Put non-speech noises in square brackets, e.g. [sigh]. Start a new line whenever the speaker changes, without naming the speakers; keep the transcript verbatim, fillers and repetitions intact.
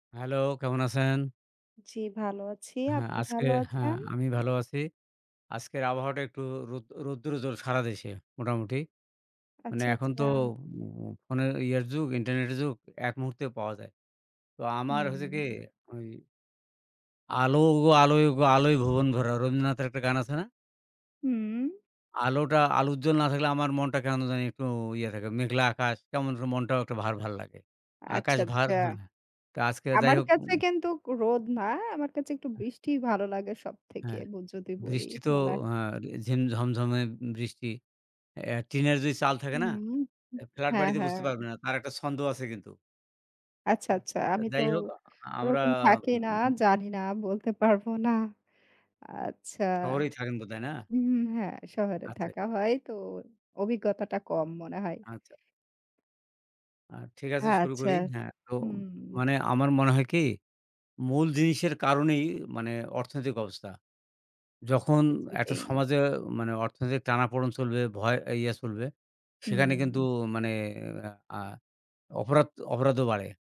Hello, কেমন আছেন?
জি ভালো আছি।
হ্যাঁ,
আপনি
আজকে
ভালো
হ্যাঁ,
আছেন?
আমি ভালো আছি। আজকের আবহাওয়াটা একটু রোদ রৌদ্রোজ্জ্বল সারা দেশে মোটামুটি। মানে
আচ্ছা,
এখন তো
আচ্ছা।
মো ফোনে ইয়ার যুগ, ইন্টারনেটের যুগ। এক মুহূর্তে পাওয়া যায়। তো আমার হইছে কি,
হুম।
ওই 'আলো ওগো আলো ওগো আলোয় ভুবন ভরা' রবীন্দ্রনাথের একটা গান আছে না?
হুম।
আলোটা আলোজ্জল না থাকলে আমার মনটা কেন জানি একটু ইয়ে থাকে। মেঘলা আকাশ, কেমন যেন মনটাও একটা ভার, ভার লাগে।
আচ্ছা,
আকাশ ভার
আচ্ছা।
হ্যাঁ। তো আজকে যাই
আমার
হোক।
কাছে
উ
কিন্তু রোদ না। আমার কাছে একটু বৃষ্টিই ভালো লাগে সবথেকে
হ্যাঁ,
ব যদি বলি
বৃষ্টি তো
বলা
অ্যা ঝিম ঝমঝমে বৃষ্টি। এহ টিনের যদি চাল থাকে না,
হুম। উ
এ্যা ফ্ল্যাট
হ্যাঁ,
বাড়িতে বুঝতে
হ্যাঁ।
পারবেন না, তার একটা ছন্দ আছে কিন্তু।
আচ্ছা,
আ
আচ্ছা।
তো
আমি তো
যাই হোক, আ আ আমরা
ওরকম থাকি না।
[unintelligible]
জানি না। বলতে পারবো না আচ্ছা।
শহরেই থাকেন বোধহয়, না?
হুম, হুম, হ্যাঁ। শহরে
আচ্ছা।
থাকা হয় তো অভিজ্ঞতাটা কম মনে হয়।
আচ্ছা। আ ঠিক আছে, শুরু
আচ্ছা।
করি। হ্যাঁ। তো
হুম।
মানে আমার মনে হয় কি মূল জিনিসের কারণেই মানে অর্থনৈতিক অবস্থা। যখন
জি,
একটা
জি।
সমাজে মানে অর্থনৈতিক টানাপোড়েন চলবে, ভয় ইয়ে ছুলবে সেখানে কিন্তু
হুম।
মানে অ্যা অপরাধ অপরাধও বাড়ে।